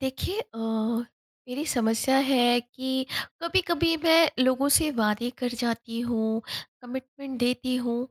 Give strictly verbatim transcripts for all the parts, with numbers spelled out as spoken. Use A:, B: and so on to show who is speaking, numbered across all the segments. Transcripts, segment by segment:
A: देखिए, अ, मेरी समस्या है कि कभी-कभी मैं लोगों से वादे कर जाती हूँ, कमिटमेंट देती हूँ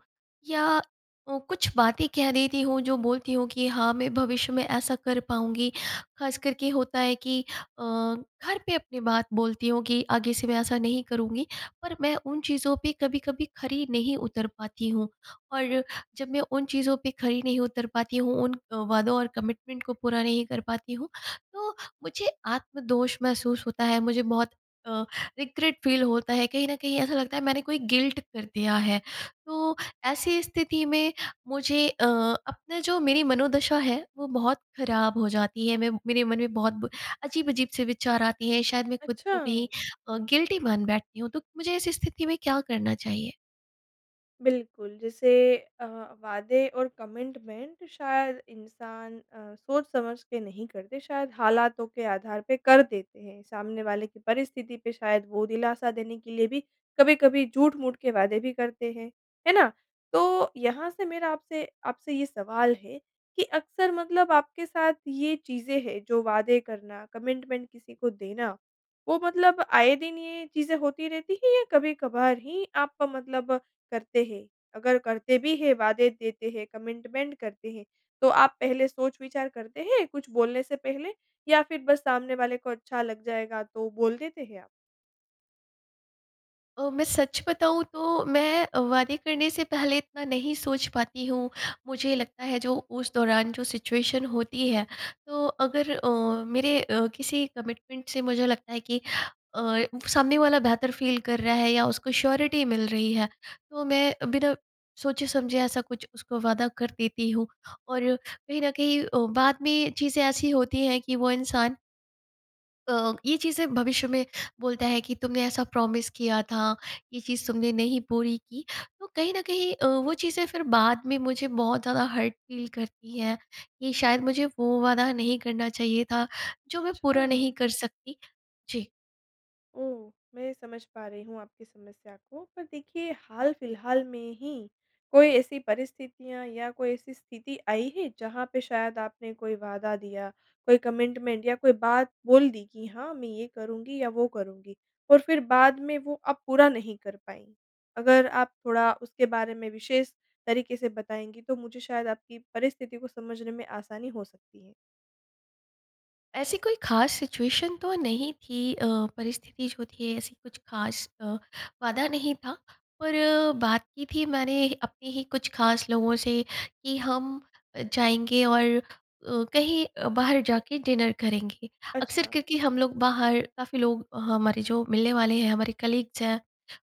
A: या ओ, कुछ बातें कह देती हूँ, जो बोलती हूँ कि हाँ, मैं भविष्य में ऐसा कर पाऊँगी। खास करके होता है कि अ, घर पे अपनी बात बोलती हूँ कि आगे से मैं ऐसा नहीं करूँगी, पर मैं उन चीज़ों पे कभी-कभी खरी नहीं उतर पाती हूँ। और जब मैं उन चीज़ों पे खरी नहीं उतर पाती हूँ, उन वादों और कमिटमेंट को पूरा नहीं कर पाती हूँ, तो मुझे आत्मदोष महसूस होता है। मुझे बहुत अ, रिग्रेट फील होता है, कहीं न कहीं ऐसा लगता है मैंने कोई गिल्ट कर दिया है। तो, ऐसी स्थिति में मुझे अ, अपना जो मेरी मनोदशा है, वो बहुत ख़राब हो जाती है, मैं मेरे मन में बहुत ब अजीब-अजीब से विचार आते हैं, शायद मैं ख़ुद को कहीं
B: अच्छा।
A: अ, गिल्टी मान बैठती हूँ, तो मुझे ऐसी स्थिति में क्या करना चाहिए?
B: बिल्कुल, जैसे अ, वादे और कमिटमेंट शायद इंसान अ, सोच-समझ के नहीं करते शायद हालातों के आधार पे कर देते हैं, सामने वाले की परिस्थिति पे शायद वो दिलासा देने के लिए भी कभी-कभी झूठ-मूठ के वादे भी करते हैं। है ना? तो यहाँ से मेरा आपसे आपसे ये सवाल है, कि अक्सर मतलब आप के साथ ये चीज़ें हैं जो वादे करना, कमिटमेंट किसी को देना, वो मतलब आए दिन ये चीज़ें होती रहती हैं या कभी-कभार ही आप का मतलब करते हैं? अगर करते भी हैं वादे देते हैं, कमिटमेंट करते हैं, तो आप पहले सोच-विचार करते हैं, कुछ बोलने से पहले या फिर बस सामने वाले को अच्छा लग जाएगा तो बोल देते हैं आप?
A: अ, मैं सच बताऊँ तो मैं अ, वादे करने से पहले इतना नहीं सोच पाती हूँ, मुझे लगता है जो उस दौरान जो सिचुएशन होती है। तो अगर अ, मेरे अ, किसी कमिटमेंट से मुझे लगता है कि अ, सामने वाला बेहतर फ़ील कर रहा है या उसको श्योरिटी मिल रही है। तो मैं बिना सोचे-समझे ऐसा कुछ उसको वादा कर देती हूँ। और कहीं न कहीं अ, बाद में चीज़ें ऐसी होती हैं कि वो इंसान अ, ये चीज़ें भविष्य में बोलता है कि तुमने ऐसा प्रॉमिस किया था ये चीज़ तुमने नहीं पूरी की। तो कहीं न कहीं अ, वो चीज़ें फ़िर बाद में मुझे बहुत ज़्यादा हर्ट फ़ील करती हैं कि शायद मुझे वो वाला नहीं करना चाहिए था। जो मैं पूरा नहीं
B: अच्छा।
A: कर सकती। जी।
B: ओह! मैं समझ पा रही हूँ आपकी समस्या को, पर देखिए हाल-फ़िलहाल में ही कोई ऐसी परिस्थितियाँ या कोई ऐसी स्थिति आई है। जहाँ पे शायद आपने कोई वादा दिया, कोई कमिटमेंट या कोई बात बोल दी कि हाँ, मैं ये करूँगी या वो करूँगी और फ़िर बाद में वो आप पूरा नहीं कर पाईं। अगर आप थोड़ा उसके बारे में विशेष तरीक़े से बताएँगी? तो मुझे शायद आपकी परिस्थिति को समझने में आसानी हो सकती है।
A: ऐसी कोई ख़ास सिचुएशन तो नहीं थी अ, परिस्थिति जो थी, ऐसी कुछ खास अ, वादा नहीं था। पर बात की थी मैंने अपने ही कुछ ख़ास लोगों से, कि हम जाएँगे और अ, कहीं अ, बाहर जाके डिनर करेंगे। अक्सर
B: अच्छा।
A: क्योंकि हम लोग बाहर, काफ़ी लोग हमारे जो मिलने वाले हैं, हमारे कलीग्स हैं,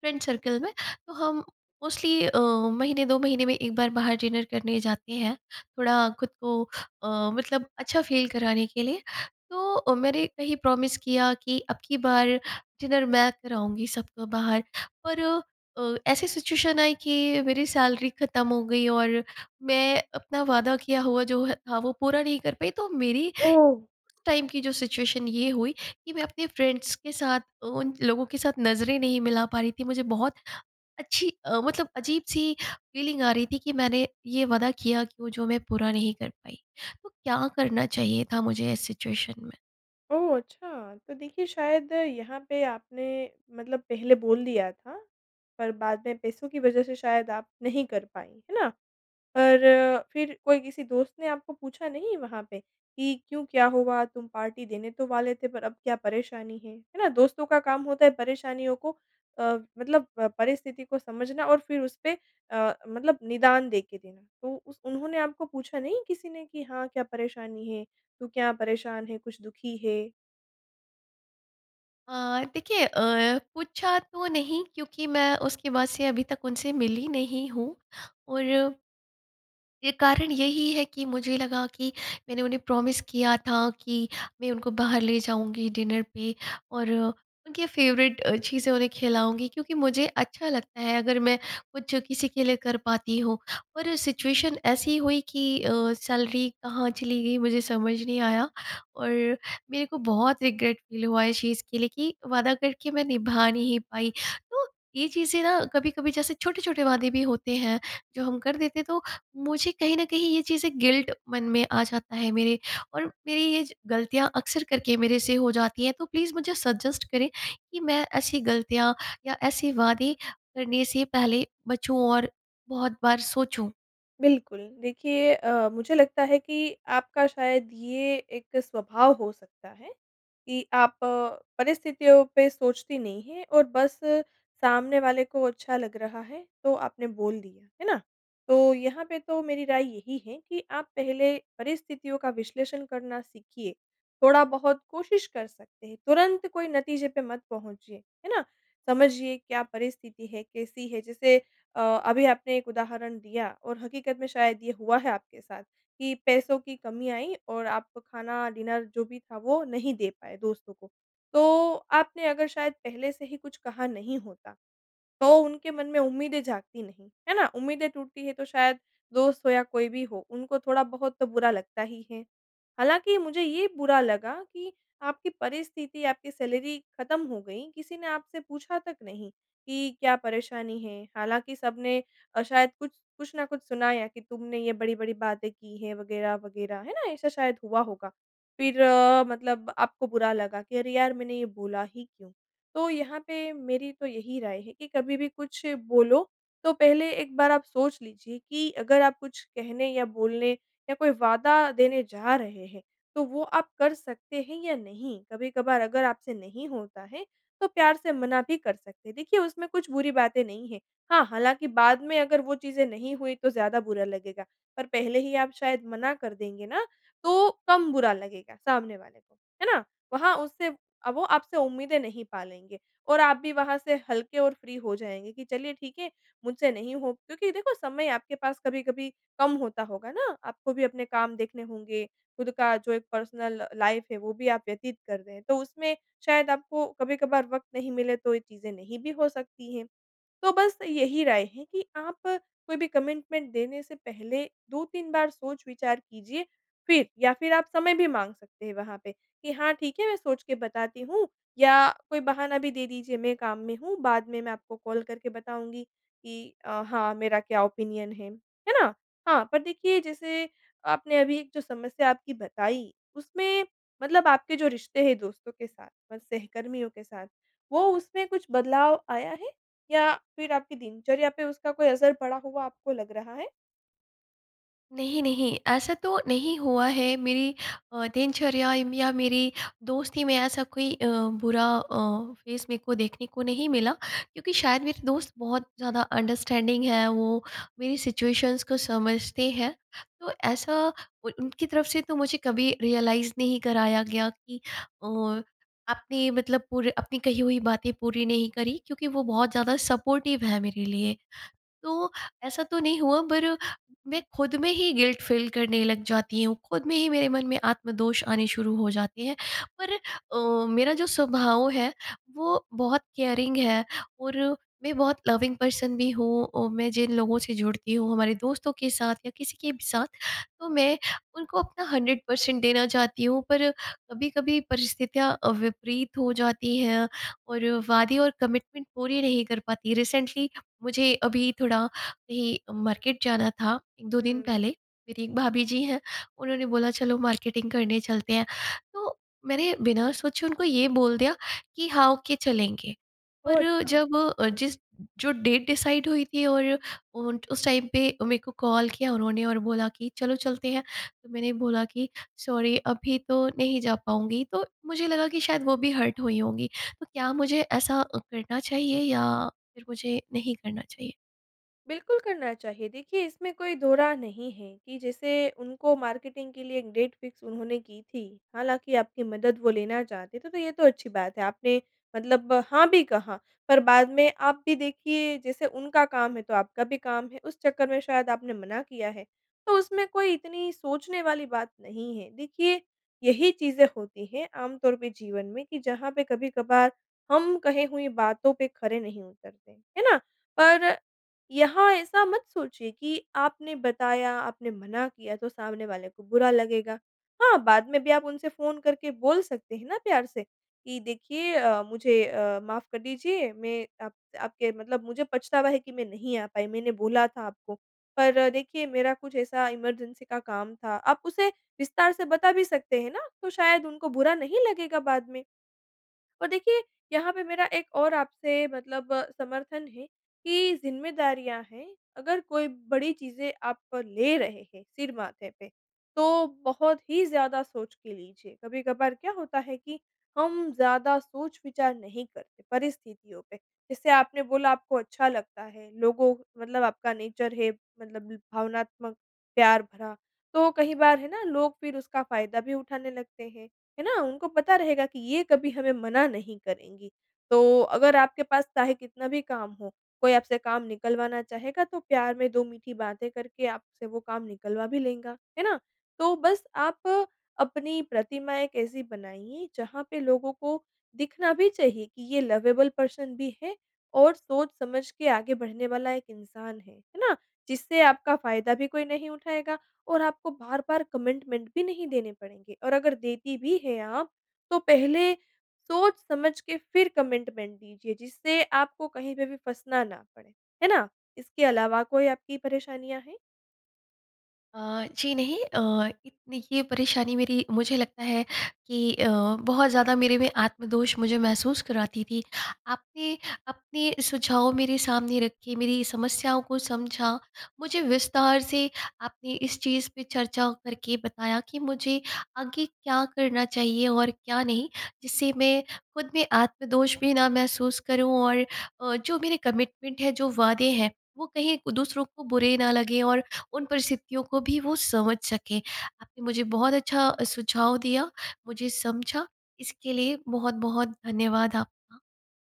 A: फ्रेंड सर्किल में, तो हम मोस्टली अ, महीने, दो महीने में एक बार बाहर डिनर करने जाते हैं, थोड़ा खुद को अ, मतलब अच्छा फ़ील कराने के लिए। तो अ, मैंने वही प्रॉमिस किया कि, "अब की बार डिनर मैं कराऊँगी सबको बाहर।" पर अ, ऐसी सिचुएशन आई कि मेरी सैलरी ख़त्म हो गई और मैं अपना वादा किया हुआ, जो था, वो पूरा नहीं कर पाई। तो मेरी उस
B: ओह!
A: टाइम की जो सिचुएशन ये हुई कि मैं अपने फ्रेंड्स के साथ, उन लोगों के साथ नज़रें नहीं मिला पा रही थी। मुझे बहुत अच्छी मतलब अजीब-सी फ़ीलिंग आ रही थी कि मैंने ये वादा किया कि वो जो मैं पूरा नहीं कर पाई। तो क्या करना चाहिए था मुझे इस सिचुएशन में?
B: ओह! अच्छा, तो देखिये शायद यहाँ पे आपने मतलब पहले बोल दिया था, पर बाद में पैसों की वज़ह से शायद आप नहीं कर पाई, है ना? पर फिर कोई किसी दोस्त ने आपको पूछा नहीं वहाँ पे, कि क्यों क्या हुआ तुम पार्टी देने तो वाले थे पर अब क्या परेशानी है, है ना? दोस्तों का काम होता है परेशानियों को अ, मतलब अ, परिस्थिति को समझना और फिर उसपे अ, मतलब निदान देके देना। तो उस उन्होंने आपको पूछा नहीं किसी ने कि हाँ, क्या परेशानी है? तू क्या परेशान है कुछ दुखी है?
A: अ, देखिए अ, पूछा तो नहीं क्योंकि मैं उसके बाद से अभी तक उनसे मिली नहीं हूँ। और ये कारण यही है कि मुझे लगा कि मैंने उन्हें प्रॉमिस किया था कि मैं उनको बाहर ले जाऊँगी डिनर पे और उनके फ़ेवरेट अ, चीज़ें उन्हें खिलाऊँगी क्योंकि मुझे अच्छा लगता है अगर मैं कुछ किसी के लिए कर पाती हूँ। पर सिचुएशन ऐसी हुई कि अ, सैलरी कहाँ चली गई मुझे समझ नहीं आया, और मेरे को बहुत रिग्रेट फ़ील हुआ इस चीज़ के लिए कि वादा करके मैं निभा नहीं पाई। तो ये चीज़ें ना कभी-कभी जैसे छोटे-छोटे वादे भी होते हैं, जो हम कर देते तो मुझे कहीं न कहीं ये चीज़ें गिल्ट मन में आ जाता है मेरे। और मेरी ये ज गलतियाँ अक्सर करके मेरे से हो जाती हैं। तो प्लीज़ मुझे सजेस्ट करें कि मैं ऐसी गलतियाँ या ऐसे वादे करने से पहले बचूँ और बहुत बार सोचूँ।
B: बिल्कुल, देखिए अ, मुझे लगता है कि आपका शायद ये एक स्वभाव हो सकता है कि आप परिस्थितियों पे सोचती नहीं हैं और बस सामने वाले को अच्छा लग रहा है, तो आपने बोल दिया। है ना? तो यहाँ पे तो मेरी राय यही है कि आप पहले परिस्थितियों का विश्लेषण करना सीखिए। थोड़ा-बहुत कोशिश कर सकते हैं, तुरंत कोई नतीजे पर मत पहुँचिए। है ना? समझिए क्या परिस्थिति है, कैसी है। जैसे अ, अभी आपने एक उदाहरण दिया, और हकीकत में शायद ये हुआ है आपके साथ, कि पैसों की कमी आई और आप खाना, डिनर जो भी था, वो नहीं दे पाए दोस्तों को। तो आपने अगर शायद पहले से ही कुछ कहा नहीं होता, तो उनके मन में उम्मीदें जागती नहीं। है ना? उम्मीदें टूटती हैं, तो शायद दोस्त हो या कोई भी हो, उनको थोड़ा-बहुत तो बुरा लगता ही है। हालाँकि, मुझे ये बुरा लगा कि आपकी परिस्थिति आपकी सैलरी खत्म हो गई, किसी ने आपसे पूछा तक नहीं कि क्या परेशानी है? हालाँकि सबने अ, शायद कुछ कुछ न कुछ सुनाया य कि तुमने ये बड़ी-बड़ी बातें की हैं। वगैरह-वगैरह, है ना? ऐसा शायद हुआ होगा। फिर अ, मतलब आपको बुरा लगा कि अरे! यार, मैंने ये बोला ही क्यों? तो यहाँ पे मेरी तो यही राय है कि कभी भी कुछ बोलो, तो पहले एक बार आप सोच लीजिए कि अगर आप कुछ कहने या बोलने या कोई वादा देने जा रहे हैं, तो वो आप कर सकते हैं या नहीं? कभी-कभार अगर आपसे नहीं होता है, तो प्यार से मना भी कर सकते हैं। देखिए, उसमें कुछ बुरी बातें नहीं हैं। हाँ, हालाँकि बाद में अगर वो चीज़ें नहीं हुईं, तो ज़्यादा बुरा लगेगा। पर पहले ही आप शायद मना कर देंगे ना, तो कम बुरा लगेगा सामने वाले को। है ना? वहाँ उससे अ, वो आपसे उम्मीदें नहीं पालेंगे, और आप भी वहाँ से हल्के और फ्री हो जाएँगे कि चलिए, ठीक है, मुझसे नहीं हो क्योंकि देखो, समय आपके पास कभी-कभी कम होता होगा ना, आपको भी अपने काम देखने होंगे, खुद का जो एक पर्सनल लाइफ़ है, वो भी आप व्यतीत कर रहे हैं। तो उसमें शायद आपको कभी-कभार वक़्त नहीं मिले, तो ये चीज़ें नहीं भी हो सकती हैं। तो बस यही राय है कि आप कोई भी कमिटमेंट देने से पहले, दो तीन बार सोच-विचार कीजिए। फिर या फिर आप समय भी माँग सकते हैं वहाँ पे कि हाँ, ठीक है, मैं सोच के बताती हूँ। या कोई बहाना भी दे दीजिए, मैं काम में हूँ। बाद में मैं आपको कॉल करके बताऊँगी कि अ, हाँ, मेरा क्या ओपिनियन है। है ना? हाँ। पर देखिए, जैसे आपने अभी एक जो समस्या आपकी बताई, उसमें मतलब आपके जो रिश्ते हैं दोस्तों के साथ और सहकर्मियों के साथ, वो उसमें कुछ बदलाव आया है? या फिर आपकी दिनचर्या पे उसका कोई असर पड़ा हुआ आपको लग रहा है?
A: नहीं, नहीं ऐसा तो नहीं हुआ है मेरी अ, दिनचर्या य या मेरी दोस्ती में ऐसा कोई अ, बुरा अ, फ़ेस मेरे को देखने को नहीं मिला, क्योंकि शायद मेरे दोस्त बहुत ज़्यादा अंडरस्टैंडिंग हैं, वो मेरी सिचुएशंस को समझते हैं। तो ऐसा उन उनकी तरफ से तो मुझे कभी रियलाइज़ नहीं कराया गया कि औ आपने मतलब पूरे अपनी कही हुई बातें पूरी नहीं करी, क्योंकि वो बहुत ज़्यादा सपोर्टिव है मेरे लिए। तो, ऐसा तो नहीं हुआ पर मैं खुद में ही गिल्ट फील करने लग जाती हूँ, खुद में ही मेरे मन में आत्मदोष आने शुरू हो जाते हैं। पर अ, मेरा जो स्वभाव है, वो बहुत केयरिंग है और मैं बहुत लविंग पर्सन भी हूँ और मैं जिन लोगों से जुड़ती हूँ, हमारे दोस्तों के साथ या किसी के भी साथ, तो मैं उनको अपना हंड्रेड पर्सेंट देना चाहती हूँ। पर कभी-कभी परिस्थितियाँ अ, विपरीत हो जाती हैं और वादे और कमिटमेंट पूरी नहीं कर पाती। रिसेंटली मुझे अभी थोड़ा अभी मार्केट जाना था, एक दो दिन पहले,
B: हुँ।
A: मेरी एक भाभी जी हैं उन्होंने बोला चलो मार्केटिंग करने चलते हैं, तो मैंने बिना सोचे उनको ये बोल दिया कि हाँ, ओके चलेंगे।
B: ओह!
A: पर
B: अच्छा।
A: जब अ, जिस जो डेट डिसाइड हुई थी और उन उस टाइम पे मेरे को कॉल किया उन्होंने और बोला कि चलो चलते हैं, तो मैंने बोला कि सॉरी अभी तो नहीं जा पाऊँगी, तो मुझे लगा कि शायद वो भी हर्ट हुई होंगी। तो क्या मुझे ऐसा अ, करना चाहिए या फिर मुझे नहीं करना चाहिए?
B: बिल्कुल, करना चाहिए देखिए इसमें कोई दोराय नहीं है कि जैसे उनको मार्केटिंग के लिए डेट फ़िक्स उन्होंने की थी। हालाँकि आपकी मदद वो लेना चाहते थे तो ये तो अच्छी बात है। आपने मतलब हाँ, भी कहा पर बाद में आप भी देखिए जैसे उनका काम है, तो आपका भी काम है उस चक्कर में शायद आपने मना किया है। तो उसमें कोई इतनी सोचने वाली बात नहीं है देखिए यही चीज़ें होती हैं आम तौर पे जीवन में कि जहाँ पे कभी-कभार हम कहे हुई बातों पे खरे नहीं उतरते। हैं ना? पर यहाँ ऐसा मत सोचिए कि आपने बताया, आपने मना किया तो सामने वाले को बुरा लगेगा। हाँ, बाद में भी आप उनसे फ़ोन करके बोल सकते हैं ना प्यार से कि देखिए अ, मुझे अ, माफ़ कर दीजिए मैं आप आपके मतलब मुझे पछतावा है कि मैं नहीं आ पाई। मैंने बोला था आपको, पर देखिए मेरा कुछ ऐसा इमरजेंसी का काम था। आप उसे विस्तार से बता भी सकते हैं ना, तो शायद उनको बुरा नहीं लगेगा बाद में। और देखिए यहाँ पे मेरा एक और आपसे मतलब समर्थन है कि ज़िम्मेदारियाँ हैं, अगर कोई बड़ी चीज़ें आप ले रहे हैं सिर माथे पे, तो बहुत ही ज़्यादा सोच के लीजिए। कभी-कभार क्या होता है कि हम ज़्यादा सोच-विचार नहीं करते परिस्थितियों पे। जैसे आपने बोला आपको अच्छा लगता है लोगों मतलब आपका नेचर है, मतलब भावनात्मक प्यार भरा। तो कहीं बार है ना लोग फ़िर उसका फ़ायदा भी उठाने लगते हैं। है ना? उनको पता रहेगा कि ये कभी हमें मना नहीं करेंगी। तो अगर आपके पास चाहे कितना भी काम हो, कोई आपसे काम निकलवाना चाहेगा, तो प्यार में दो मीठी बातें करके आपसे वो काम निकलवा भी लेगा। है ना? तो बस आप अपनी प्रतिमा एक ऐसी बनाइए जहाँ पे लोगों को दिखना भी चाहिए कि ये लवेबल पर्सन भी है और सोच समझ के आगे बढ़ने वाला एक इंसान है। है ना? जिससे आपका फ़ायदा भी कोई नहीं उठाएगा और आपको बार-बार कमिटमेंट भी नहीं देने पड़ेंगे। और अगर देती भी है आप, तो पहले सोच-समझ के फ़िर कमिटमेंट दीजिए जिससे आपको कहीं पे भी फँसना ना पड़े। है ना? इसके अलावा कोई आपकी परेशानियाँ हैं?
A: अ, जी नहीं अ, इतनी ये परेशानी मेरी मुझे लगता है कि अ, बहुत ज़्यादा मेरे में आत्मदोष मुझे महसूस कराती थी। आपके, अपने सुझाव मेरे सामने रखे, मेरी समस्याओं को समझा, मुझे विस्तार से आपने इस चीज़ पे चर्चा करके बताया कि मुझे आगे क्या करना चाहिए और क्या नहीं? जिससे मैं ख़ुद में आत्मदोष भी ना महसूस करूँ और अ, जो मेरे कमिटमेंट है, जो वादे हैं वो कहीं दूसरों को बुरे ना लगे और उन परिस्थितियों को भी वो समझ सकें। आपने मुझे बहुत अच्छा सुझाव दिया, मुझे समझा इसके लिए बहुत-बहुत धन्यवाद आपका।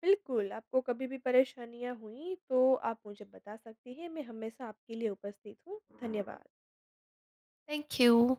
B: बिल्कुल, आपको कभी भी परेशानियाँ हुई तो आप मुझे बता सकती हैं, मैं हमेशा आपके लिए उपस्थित हूँ। धन्यवाद।
A: Thank you.